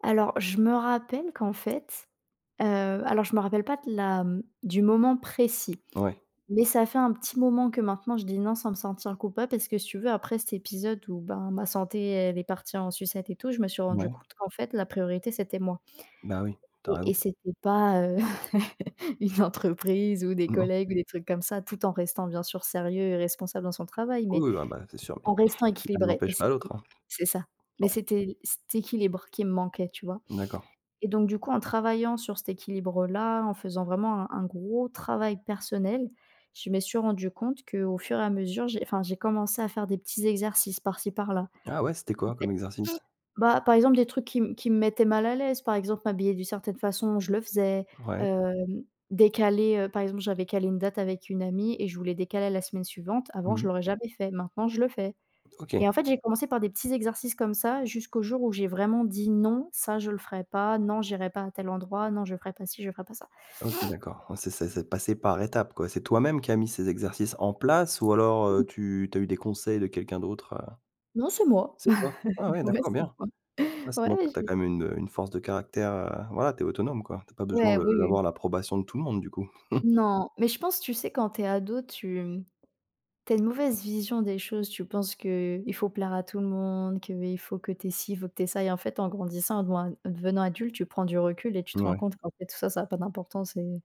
Alors je me rappelle qu'en fait, heu, alors je me rappelle pas de la du moment précis Ouais. mais ça fait un petit moment que maintenant je dis: «Non» sans me sentir coupable parce que si tu veux, après cet épisode, où, ben, ma santé, elle est partie en sucette et tout, je me suis rendu Ouais. compte qu'en fait, la priorité, c'était moi Bah, oui, tu as et raison. et c'était pas, heu, une entreprise ou des Non? collègues ou des trucs comme ça, tout en restant bien sûr sérieux et responsable dans son travail mais Oui, ah, bah, c'est sûr mais en restant «l'un équilibrée et n'empêche pas c'était l'autre», hein! c'est ça mais Ouais. c'était cet équilibre qui me manquait, tu vois D'accord. et donc, du coup, en travaillant sur cet équilibre-là, en faisant vraiment un un gros travail personnel, je me suis rendu compte qu'au fur et à mesure, j'ai enfin, j'ai commencé à faire des petits exercices par ci, par là, Ah ouais, c'était en quoi fait, comme exercice? bah, par exemple, des trucs qui m qui me mettaient mal à l'aise, par exemple, m'habiller d'une certaine façon, je le faisais, Ouais. hem, décaler, heu, par exemple, j'avais calé une date avec une amie et je voulais décaler à la semaine suivante, Mmh avant, je mh. l'aurais jamais fait, maintenant, je le fais OK. et en fait, j'ai commencé par des petits exercices comme ça jusqu'au jour où j'ai vraiment dit: «Non, ça, je le ferai pas!», «Non, j'irai pas à tel endroit!», «Non, je ferai pas ci, je ferai pas ça». OK, d'accord, ouais, c'est c'est c'est passé par étapes, quoi! C'est toi-même qui as mis ces exercices en place ou alors tu tu as eu des conseils de quelqu'un d'autre, heu? Non, c'est moi. C'est toi? Ah oui, Ouais, d'accord, c'est bien! moi. Ah, ça montre Ouais, que tu as j'ai quand même une, heu, une force de caractère, heu, voilà, tu es autonome, quoi, tu as pas besoin Ouais, de oui, oui. d'avoir l'approbation de tout le monde, du coup? Non, mais je pense, tu sais, quand tu es ado, tu, hem, tu as une mauvaise vision des choses, tu penses que, heu, il faut plaire à tout le monde, qu'il faut que tu aies ci, faut que tu aies ça et en fait, en grandissant, bon, en devenant adulte, tu prends du recul et tu te rends Ouais. compte qu'en fait, tout ça, ça a pas d'importance et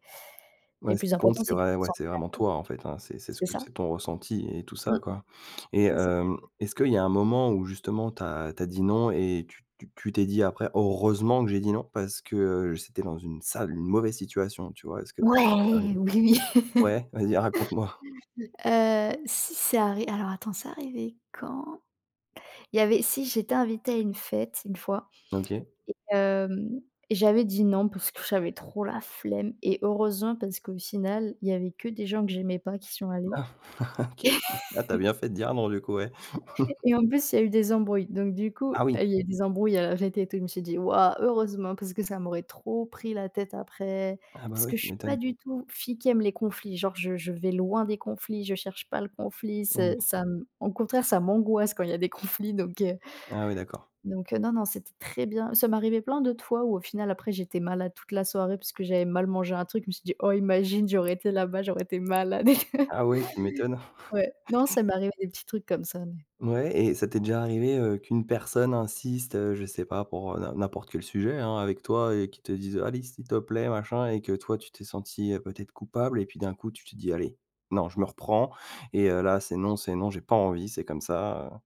et Ouais, le ce plus qui compte important, c'est c'est que tu vrai te ouais, sens c'est bien, vraiment toi, en fait, hein, quoi. c'est c'est ce C'est que ça. c'est ton ressenti et tout ça, Mmh. quoi et C'est ça. heu, est-ce qu'il y a un moment où justement tu as tu as dit «Non» et tu tu tu t'es dit après: «Heureusement, que j'ai dit: "Non" parce que c'était dans une sale une mauvaise situation», tu vois? Est-ce que ça t'es déjà Ouais! arrivé? Oui, Ouais, vas-y, raconte-moi! heu, si c'est arri alors attends, c'est arrivé quand? Il y avait si, j'étais invitée à une fête une fois OK. et hem, j'avais dit: «Non» parce que j'avais trop la flemme et heureusement parce qu'au final, il y avait que des gens que j'aimais pas qui y sont allés Ah, OK, ah, tu as bien fait de dire non, du coup, ouais. et en plus il y a eu des embrouilles donc, du coup, Ah oui! il y a eu des embrouilles, heu, à la fête et tout je me suis dit: «Waouh, heureusement!» parce que ça m'aurait trop pris la tête après Ah, bah, parce ouais, que je tu suis pas m'étonnes! du tout, fille qui aime les conflits, genre, je je vais loin des conflits, je cherche pas le conflit, c'est Mmh. ça m au contraire, ça m'angoisse quand il y des conflits, donc heu Ah ouais, d'accord. donc heu, non, non, c'était très bien, ça m'arrivait plein d'autres fois où, au final, après, j'étais malade toute la soirée puisque j'avais mal mangé un truc. Je me suis dit: «Oh! Imagine, j'aurais été là bas, j'aurais été malade», Ah ouais, tu m'étonnes. ouais. Non, ça m'est arrivé des petits trucs comme ça mais Ouais et ça t'es déjà arrivé, heu, qu'une personne insiste, heu, je sais pas pour, heu, n'im n'importe quel sujet, hein, avec toi et qu'il te dise: «Allez, s'il te plaît, machin» et que toi, tu t'es sentie, heu, peut-être coupable et puis d'un coup, tu te dis: «Allez, non, je me reprends et heu, là, c'est non, c'est non, j'ai pas envie, c'est comme ça!», heu?